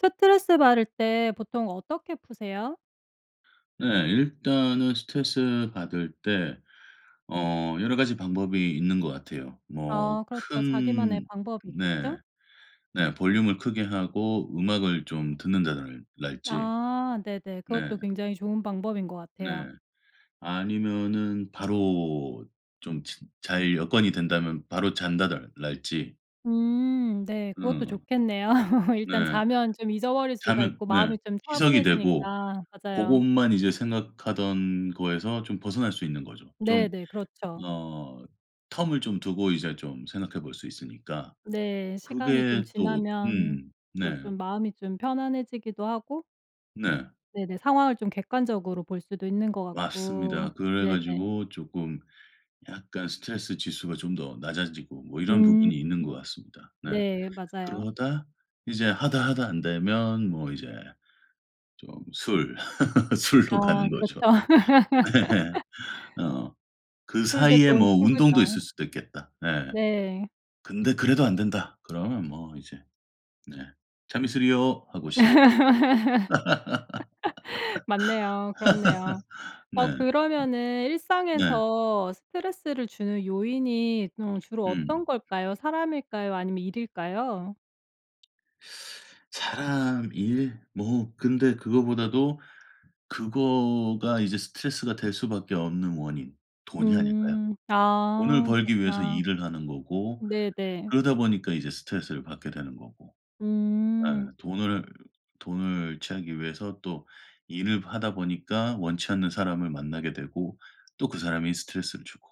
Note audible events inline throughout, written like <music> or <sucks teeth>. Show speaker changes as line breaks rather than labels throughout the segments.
스트레스 받을 때 보통 어떻게 푸세요?
네 일단은 스트레스 받을 때 어 여러 가지 방법이 있는 것 같아요. 뭐
아 그렇죠. 자기만의
큰
방법이
네.
있겠죠?
네 볼륨을 크게 하고 음악을 좀 듣는다달 랄지.
아 네네.
네.
그것도 굉장히 좋은 방법인 것 같아요.
네. 아니면은 바로 좀 치 잘 여건이 된다면 바로 잔다달 랄지.
음 네. 그것도
음.
좋겠네요. <laughs> 일단
네.
자면 좀 잊어버릴 수가
자면
있고
네
마음이 좀
희석이 되고
차분해지니까. 맞아요.
고것만 이제 생각하던 거에서 좀 벗어날 수 있는 거죠. 좀
네네. 그렇죠.
어 term을 좀 두고 이제 좀 생각해 볼 수 있으니까
네 시간이 좀
그게 또
지나면
음.
또
네.
좀 마음이 좀 편안해지기도 하고
네.
네네. 상황을 좀 객관적으로 볼 수도 있는 것 같고
맞습니다. 그래
네네.
가지고 쪼끔 약간 스트레스 지수가 좀 더 낮아지고 뭐 이런
음.
부분이 있는 것 같습니다. 네.
네 맞아요.
그러다 이제 하다 하다 안 되면 뭐 이제 좀 술, <laughs>
아
술로 가는 거죠.
그렇죠.
네.
<laughs>
어 그
술도
사이에
좋은
뭐 운동도 있을
친구죠.
수도 있겠다. 예.
네.
근데 '그래도 안 된다.' 그러면 뭐 이제 네 "참이슬이요!" 하고 시작합니다.
<laughs> 맞네요. 그렇네요.
<laughs>
어
네.
그러면은
네.
일상에서 스트레스를 주는 요인이 좀 주로 어떤
음.
걸까요? 사람일까요 아니면 일일까요?
<sucks teeth> 사람, 일 뭐 근데 그거보다도 그거가 이제 스트레스가 될 수밖에 없는 원인 돈이 아닐까요?
음.
돈을
아.
벌기 위해서
그렇구나.
일을 하는 거고
네네.
그러다 보니까 이제 스트레스를 받게 되는 거고 예.
음.
돈을 돈을 취하기 위해서 또 일을 하다 보니까 원치 않는 사람을 만나게 되고 또 그 사람이 스트레스를 주고.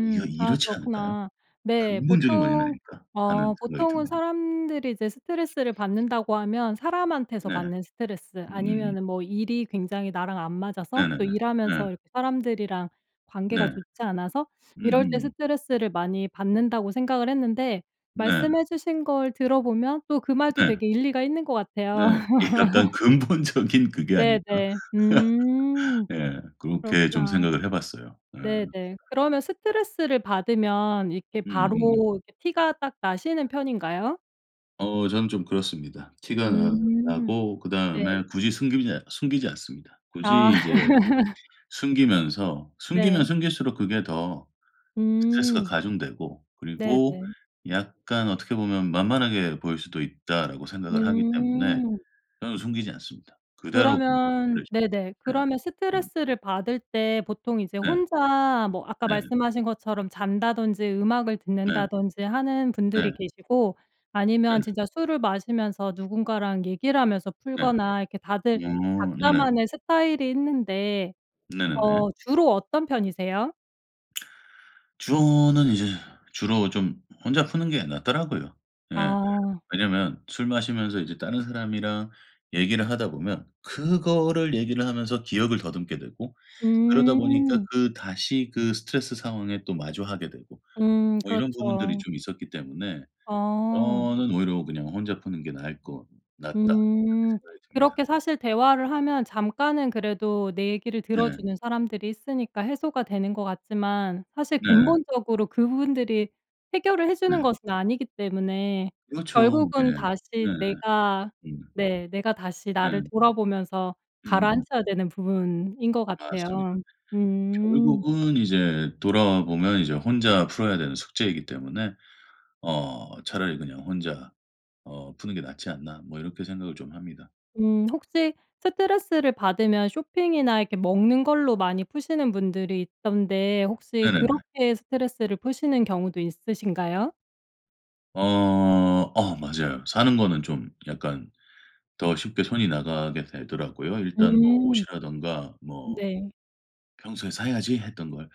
이러
아
이렇지 않을까요?
그렇구나. 네.
'근본적인 원인
보통
아닐까?' 하는
어
생각이
보통은
드네요.
사람들이 이제 스트레스를 받는다고 하면 사람한테서
네.
받는 스트레스
음음음.
아니면은 뭐 일이 굉장히 나랑 안 맞아서
네네네.
또
네.
일하면서 이렇게 사람들이랑 관계가
네.
좋지 않아서 <sucks teeth> 이럴 때
음음.
스트레스를 많이 받는다고 생각을 했는데
네.
말씀해 주신 걸 들어 보면 또 그 말도
네.
되게 일리가 있는 것 같아요.
네. '이게 약간
<laughs>
근본적인 그게 아닐까?'
네네.
<laughs>
음.
네. 그렇게 좀
그렇구나.
생각을 해 봤어요. 네.
네네. 그러면 스트레스를 받으면 이렇게
음음음.
바로 이렇게 티가 딱 나시는 편인가요?
어 저는 좀 그렇습니다. 티가 나
음.
나고
네.
그다음에 굳이 숨기지 숨기지 않습니다. 굳이
아.
이제
<laughs>
숨기면서 숨기면
네.
숨길수록 그게 더 스트레스가
음.
가중되고 그리고
네네.
약간 어떻게 보면 '만만하게 보일 수도 있다.'라고 생각을 하기 때문에
음.
저는 숨기지 않습니다. 그대로 그냥
그러면
<unintelligible>
네네.
네.
그러면
음.
스트레스를 받을 때 보통 이제
네.
혼자 뭐 아까
네.
말씀하신 것처럼 잔다든지 음악을
네.
듣는다든지 하는
네.
분들이 계시고
네.
아니면 진짜 술을 마시면서 누군가랑 얘기를 하면서
네.
풀거나 이렇게 다들
어 네.
각자만의 스타일이 있는데
네네네.
어 주로 어떤 편이세요?
<smacks lips> 주로는 이제 주로 좀 혼자 푸는 게 낫더라고요. 예.
아.
왜냐하면 술 마시면서 이제 다른 사람이랑 얘기를 하다 보면 그거를 얘기를 하면서 기억을 더듬게 되고 그러다 보니까
음.
그 다시 그 스트레스 상황에 또 마주하게 되고
음
뭐 이런 부분들이
그렇죠.
좀 있었기 때문에
아.
저는 '오히려 그냥 혼자 푸는 게 나을 것 낫다.' 이렇게
음.
생각이 듭니다.
그렇게 사실 대화를 하면 잠깐은 그래도 내 얘기를
네.
들어주는 사람들이 있으니까 해소가 되는 것 같지만 사실
네.
근본적으로 그분들이 해결을 해 주는
음.
것은 아니기 때문에
그렇죠.
결국은
네.
다시
네.
내가
음.
네 내가 다시 나를
네.
돌아보면서
으으음.
가라앉혀야 되는 부분인 것 같아요.
맞습니다.
음.
결국은 이제 돌아와 보면 이제 혼자 풀어야 되는 숙제이기 때문에 어 '차라리 그냥 혼자 어 푸는 게 낫지 않나.' 뭐 이렇게 생각을 좀 합니다.
음 혹시 스트레스를 받으면 쇼핑이나 이렇게 먹는 걸로 많이 푸시는 분들이 있던데 혹시
네네네.
그렇게 스트레스를 푸시는 경우도 있으신가요?
어. 어 맞아요. 사는 거는 좀 약간 더 쉽게 손이 나가게 되더라고요, 일단 뭐
음.
옷이라든가 뭐
네.
평소에 '사야지.' 했던 걸.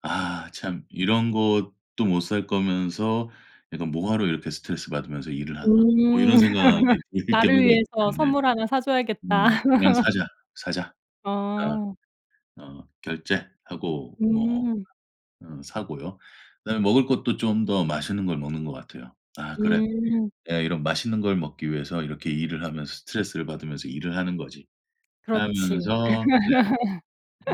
'아 참 이런 것도 못 살 거면서 약간 뭐 하러 이렇게 스트레스받으면서 일을 하나?' 뭐
음.
이런 생각이
<laughs>
들
나를
경우가 있기
위해서
때문에
선물 하나 사줘야겠다.
음 '그냥 사자, 사자.'
<laughs>
그러니까
어.
어 결제하고 뭐
음.
어 사고요. 그다음에 먹을 것도 좀 더 맛있는 걸 먹는 것 같아요. '아 그래
음.
내가 이런 맛있는 걸 먹기 위해서 이렇게 일을 하면서 스트레스를 받으면서 일을 하는 거지.'
그렇지.
하면서 네.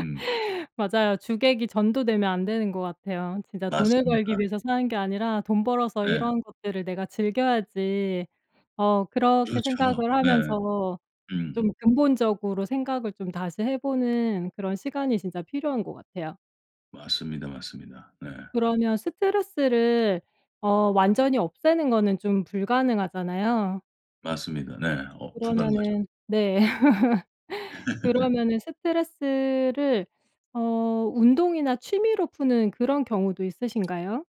음.
맞아요. 주객이 전도되면 안 되는 것 같아요. '진짜 돈을
맞습니다.
벌기 위해서 사는 게 아니라 돈 벌어서
네.
이런 것들을 내가 즐겨야지.' 어 그렇게
그렇죠.
생각을
네.
하면서
음.
좀 근본적으로 생각을 좀 다시 해 보는 그런 시간이 진짜 필요한 것 같아요.
맞습니다, 맞습니다. 네.
그러면 스트레스를 어 완전히 없애는 거는 좀 불가능하잖아요.
맞습니다. 네 어 불가능하죠.
그러면은 네. <laughs>
<laughs>
그러면은 스트레스를 어 운동이나 취미로 푸는 그런 경우도 있으신가요?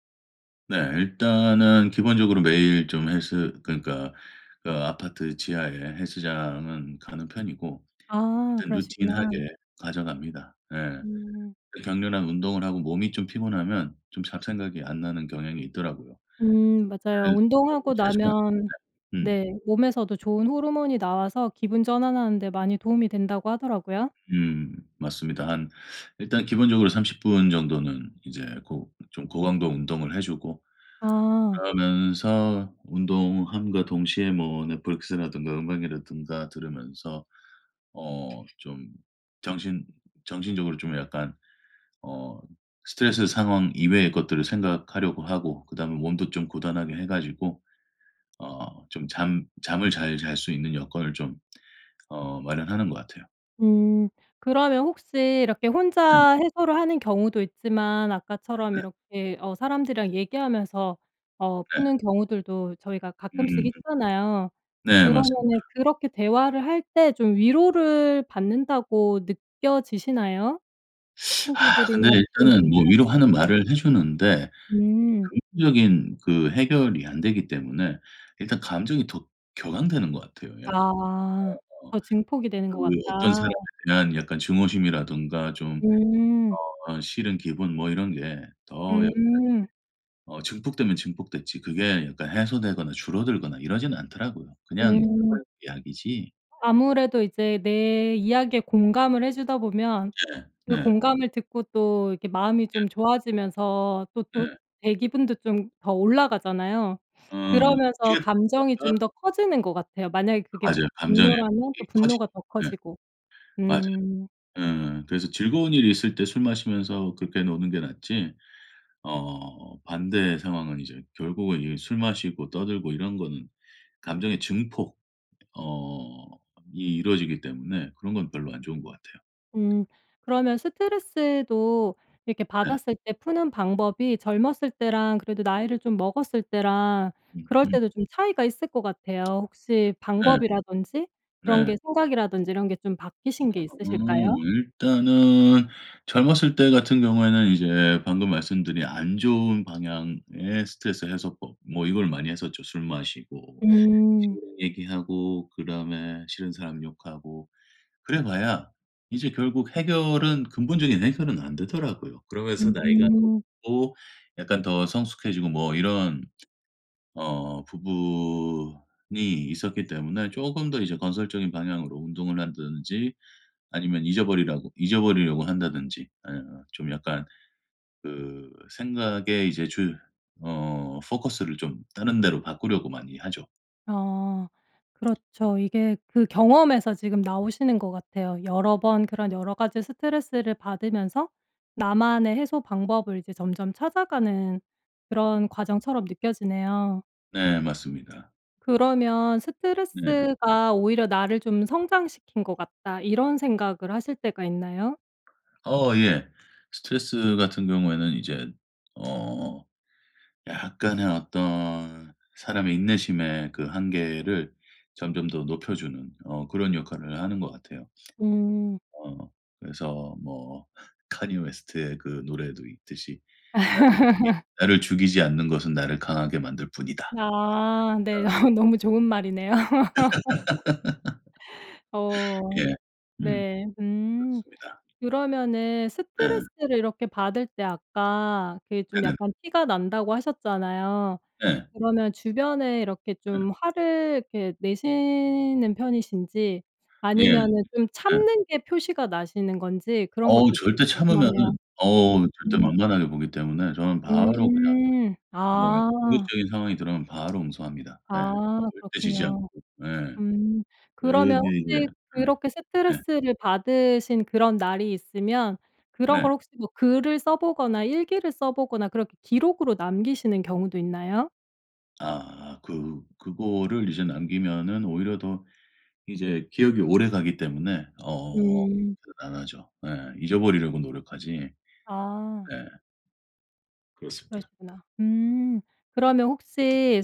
네. 일단은 기본적으로 매일 좀 헬스 그러니까 그 아파트 지하에 헬스장은 가는 편이고
아
일단
그러시구나.
routine하게 가져갑니다. 예.
음.
그 격렬한 운동을 하고 몸이 좀 피곤하면 좀 잡생각이 안 나는 경향이 있더라고요.
음 맞아요.
그래서 뭐
운동하고
최소한
나면
네. 음.
...네 몸에서도 좋은 호르몬이 나와서 기분 전환하는 데 많이 도움이 된다고 하더라요.
음. 맞습니다. 한 일단 기본적으로 30 분 정도는 이제 고 좀 고강도 운동을 해 주고
아.
그러면서 운동함과 동시에 뭐 넷플릭스라든가 음악이라든가 들으면서 어 좀 정신 정신적으로 좀 약간 어 스트레스 상황 이외의 것들을 생각하려고 하고 그다음에 몸도 좀 고단하게 해 가지고 어 좀 잠 잠을 잘 잘 수 있는 여건을 좀 어 마련하는 것 같아요.
음. 그러면 혹시 이렇게
네.
혼자 해소를 하는 경우도 있지만 아까처럼
네.
이렇게 어 사람들이랑 얘기하면서 어
네.
푸는 경우들도 저희가 가끔씩
음.
있잖아요.
네 맞습니다.
그러면은 그렇게 대화를 할 때 좀 위로를 받는다고 느껴지시나요,
<sucks teeth> 아 근데
친구들이나
일단은 뭐
지인분들한테?
위로하는
네.
말을 해 주는데 되게
음.
근본적인 그 해결이 안 되기 때문에 일단 감정이 더 격앙되는 것 같아요. 약간
아.
<unintelligible>
더 증폭이 되는
그
것 같다.
어떤 사람에 대한 약간 증오심이라든가 좀
음.
어 싫은 기분 뭐 이런 게 더 약간
음.
어 증폭되면 증폭됐지 그게 약간 해소되거나 줄어들거나 이러지는 않더라고요. 그냥
음.
<unintelligible> 약이지.
아무래도 이제 내 이야기에 공감을 해 주다 보면
네.
그
네.
공감을 듣고 또 이렇게 마음이
네.
좀 좋아지면서 또 또
네.
제 기분도 좀 더 올라가잖아요.
어.
그러면서
일.
감정이 좀
<unintelligible>
더 커지는 것 같아요. 만약에 그게
맞아요. 감정의
분노라면 또
폭이 커지죠.
분노가 더
네.
커지고.
맞아요.
음.
으 그래서 즐거운 일이 있을 때 술 마시면서 그렇게 노는 게 낫지. 어 반대의 상황은 이제 결국은 이 술 마시고 떠들고 이런 거는 감정의 증폭 어 이 이루어지기 때문에 그런 건 별로 안 좋은 것 같아요.
음. 그러면 스트레스도 이렇게
네.
받았을 때 푸는 방법이 젊었을 때랑 그래도 나이를 좀 먹었을 때랑 그럴
음음.
때도 좀 차이가 있을 것 같아요. 혹시
네.
방법이라든지 그런
네.
게 생각이라든지 이런 게 좀 바뀌신 게
<unintelligible> 음.
있으실까요?
일단은 젊었을 때 같은 경우에는 이제 방금 말씀드린 안 좋은 방향의 스트레스 해소법 뭐 이걸 많이 했었죠. 술 마시고
음.
친구랑 얘기하고 그다음에 싫은 사람 욕하고 그래봐야 이제 결국 해결은 근본적인 해결은 안 되더라고요. 그러면서 나이가
음.
먹고 약간 더 성숙해지고 뭐 이런 어 부분이 있었기 때문에 쪼금 더 이제 건설적인 방향으로 운동을 한다든지 아니면 잊어버리라고 잊어버리려고 한다든지 예 좀 약간 그 생각의 이제 주 어 포커스를 좀 다른 데로 바꾸려고 많이 하죠.
어. 그렇죠. 이게 그 경험에서 지금 나오시는 것 같아요. 여러 번 그런 여러가지 스트레스를 받으면서 나만의 해소 방법을 이제 점점 찾아가는 그런 과정처럼 느껴지네요.
네 맞습니다.
그러면
네.
'스트레스가 오히려 나를 좀 성장시킨 것 같다.' 이런 생각을 하실 때가 있나요?
어 예. 스트레스 같은 경우에는 이제는 어. 약간의 어떤 사람의 인내심의 그 한계를 점점 더 높여 주는 어 그런 역할을 하는 것 같아요.
음.
어. 그래서 뭐 칸예 웨스트의 그 노래도 있듯이 나를 이
<laughs>
나를 죽이지 않는 것은 나를 강하게 만들 뿐이다.
아
예.
네.
어.
어 너무 좋은 말이네요. <laughs>
<laughs>
어.
예. 음.
네. 음.
그렇습니다.
그러면은
네.
스트레스를 이렇게 받을 때 아까 그게 좀
네네.
약간 "티가 난다."고 하셨잖아요.
네.
그러면 주변에 이렇게
예.
좀 화를 이렇게 내시는 편이신지
예. 예.
아니면은 좀 참는 게 표시가 나시는 건지 그런 것도
어우
좀
절대 참으면은
궁금하네요.
어우 절대
<unintelligible>
만만하게 보기 때문에 저는 바로 그냥
음.
뭐 약간
아.
공격적인 상황이 들어오면 바로 응수합니다. 예.
아
절대 지지 않고
그렇군요.
예.
음. 그러면
어디 그
혹시 그렇게
으 예.
스트레스를 받으신 그런 날이 있으면 그런
네.
걸 혹시 뭐 글을 써 보거나 일기를 써 보거나 그렇게 기록으로 남기시는 경우도 있나요?
아. 그 그거를 이제 남기면은 오히려 더 이제 기업이 오래가기 때문에 어
음.
그렇게는 안 하죠. 네. 잊어버리려고 노력하지
아.
네. 그렇습니다.
그러시구나. 음. 그러면 혹시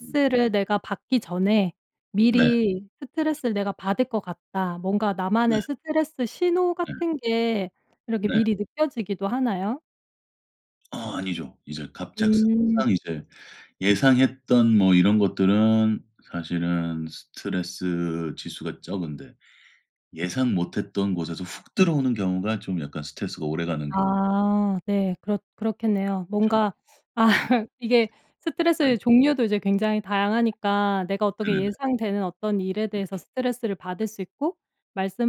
음.
내가 받기 전에
네.
미리 '스트레스를 내가 받을 것 같다.' 뭔가
네.
나만의 스트레스 신호
네.
같은 게 이렇게
네.
미리 느껴지기도 하나요?
어. 아니죠. 이제 갑작스
음.
항상 이제 예상했던 뭐 이런 것들은 사실은 스트레스 지수가 적은데 예상 못 했던 곳에서 훅 들어오는 경우가 좀 약간 스트레스가 오래 가는 경우.
아 네. 그렇 그렇겠네요.
그렇죠.
뭔가 아
네.
이게
네.
스트레스의 종류도 이제 굉장히 다양하니까 내가 어떻게
네네네.
예상되는 어떤 일에 대해서 스트레스를 받을 수 있고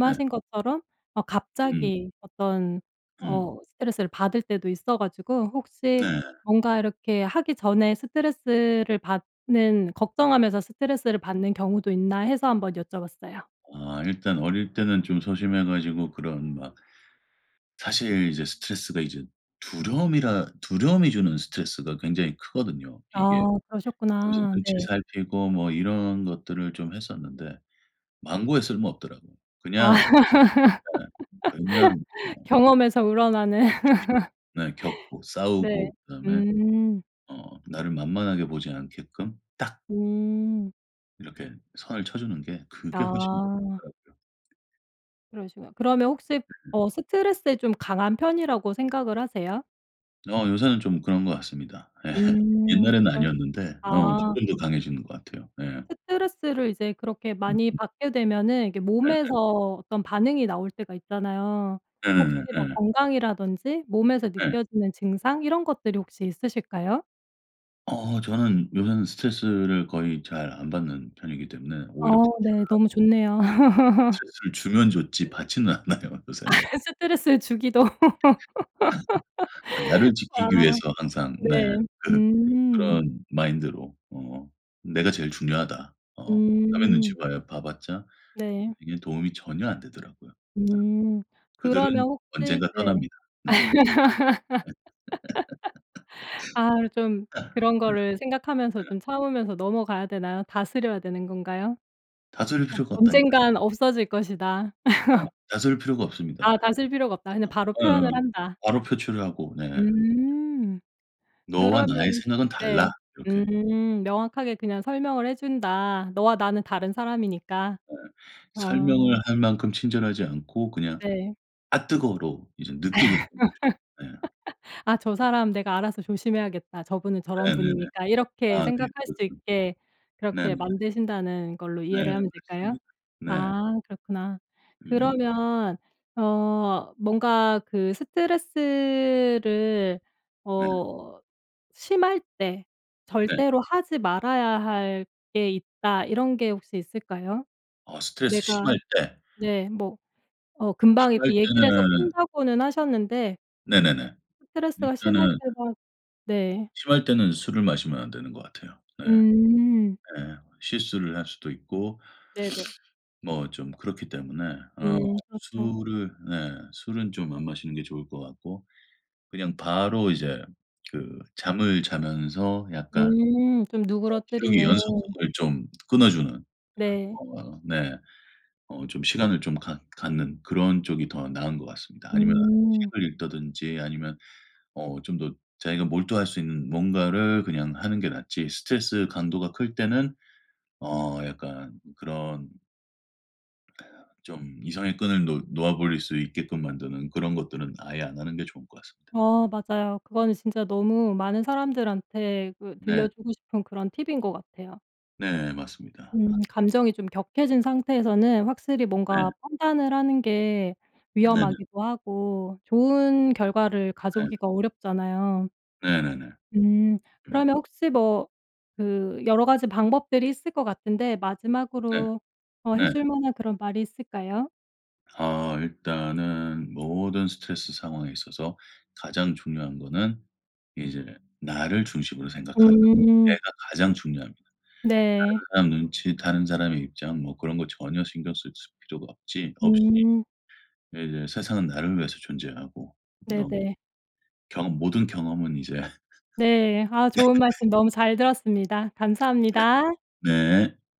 네.
것처럼 어
음.
갑자기 어떤
음.
어 스트레스를 받을 때도 있어 가지고 혹시
네.
뭔가 이렇게 하기 전에 스트레스를 받는 걱정하면서 스트레스를 받는 경우도 있나 해서 한번 여쭤봤어요.
아 일단 어릴 때는 좀 소심해 가지고 그런 막 사실 이제 스트레스가 이제 두려움이라 두려움이 주는 스트레스가 굉장히 크거든요 이게.
아
여기서
그러셨구나.
눈치
네.
살피고 뭐 이런 것들을 좀 했었는데 만고에 쓸모 없더라고.
아.
그냥
<laughs>
네. 그냥 뭐
경험에서 우러나는.
<unintelligible> 네 겪고,
<laughs> 네.
싸우고 그 다음에
음.
어 나를 만만하게 보지 않게끔 딱
음.
이렇게 선을 쳐 주는 게 그게 훨씬
아.
좋더라고요.
그러시구나. 그러면 혹시 어
<laughs>
스트레스에 좀 강한 편이라고 생각을 하세요?
어 요새는 좀 그런 것 같습니다. 예.
음.
옛날에는
그럼
아니었는데 어
아.
조금 더 강해지는 것 같아요. 예.
스트레스를 이제 그렇게 많이
음음.
받게 되면은 이게
네.
몸에서 어떤 반응이 나올 때가 있잖아요. 혹시
네네네.
뭐
예.
건강이라든지 몸에서
예.
느껴지는 증상 이런 것들이 혹시 있으실까요?
어 저는 요새는 스트레스를 거의 잘 안 받는 편이기 때문에 오히려
어우
분출을
네. 너무
하고
좋네요. <laughs>
슬슬 주면 줬지 받지는 않아요 요새는.
<laughs> 스트레스를 주기도.
<laughs> 아 나를
<laughs> 아.
지키기 위해서 항상 네
네.
그
음.
그런 마인드로 어. '내가 제일 중요하다.' 어 남의 눈치
음.
봐야 봐 봤자
네.
인생에 도움이 전혀 안 되더라고요. 네.
음.
그들은
그러면 혹시
언젠가
네
떠납니다. 네. 네.
<laughs> 아 좀 그런 거를 생각하면서 좀 참으면서
<laughs> <unintelligible>
넘어가야 되나요? 다스려야 되는 건가요?
다스릴
어
필요가 없다니까요.
'언젠가는 없어질 것이다.'
네.
<laughs>
다스릴 필요가 없습니다.
아 다스릴 필요가 없다. 그냥 바로
어어. 어어.
표현을 한다.
바로 표출을 하고. 네.
음.
"너와 나의
그러면
생각은 달라."
네
이렇게.
음 명확하게 그냥 설명을 해 준다. 너와 나는 다른 사람이니까.
예.
아.
설명을 할 만큼 친절하지 않고 그냥
네.
'앗 뜨거워.'로 이제 느끼게 <unintelligible> 예.
<laughs> '아 저 사람 내가 알아서 조심해야겠다. 저분은 저런
네네네.
분이니까.' 이렇게
아 네.
생각할 수
그렇죠.
있게 그렇게
네네.
만드신다는 걸로
네
이해를 하면 될까요?
맞습니다. 네.
아 그렇구나.
음.
그러면 어 뭔가 그 스트레스를
네.
어 심할 때
네.
절대로 하지 말아야 할 게 있다. 이런 게 혹시 있을까요?
아 스트레스
내가
심할 때.
네 뭐 어 금방
심할
이렇게 얘기를 해서
때는
푼다고는 하셨는데
네네네.
스트레스가 심할
일단은
때가 네.
심할 때는 술을 마시면 안 되는 것 같아요. 네.
음.
예. 실수를 할 수도 있고
네네.
<sniffs> 뭐 좀 그렇기 때문에 어
음. 그렇죠.
술은 네 술은 좀 안 마시는 게 좋을 것 같고 그냥 바로 이제 그 잠을 자면서 약간 어
음 좀
기억의
누그러뜨리는.
연속성을 좀 끊어주는
네.
어 네. 어 좀 시간을 좀 갖 갖는 그런 쪽이 더 나은 것 같습니다. 아니면은
음.
책을 읽는다든지 아니면 어 좀 더 자기가 몰두할 수 있는 뭔가를 그냥 하는 게 낫지 스트레스 강도가 클 때는 어 약간 그런 좀 이성의 끈을 놓 놓아 버릴 수 있게끔 만드는 그런 것들은 아예 안 하는 게 좋을 것 같습니다.
어 맞아요. 그거는 진짜 너무 많은 사람들한테 그
네.
들려주고 싶은 그런 팁인 것 같아요.
네 맞습니다.
음
<laughs>
감정이 좀 격해진 상태에서는 확실히 뭔가
네.
판단을 하는 게
네네.
위험하기도 하고 좋은 결과를
네.
가져오기가 어렵잖아요.
네네네.
음.
음.
그러면 혹시 뭐 그 여러 가지 방법들이 있을 것 같은데
네.
마지막으로 어 해
네.
줄 만한 그런 말이 있을까요?
어 일단은 모든 스트레스 상황에 있어서 가장 중요한 거는 이제 나를 중심으로 생각하라. 내가
음.
가장 중요합니다.
네.
다른 사람 눈치, 다른 사람의 입장 뭐 그런 거 전혀 신경 쓸 수 필요가 없지 없이
음.
네 이제 세상은 나를 위해서 존재하고
네
너무.
네.
경험 모든 경험은 이제 <laughs>
네. 아 좋은 말씀
<coughs>
너무 잘 들었습니다.
<coughs>
감사합니다.
네.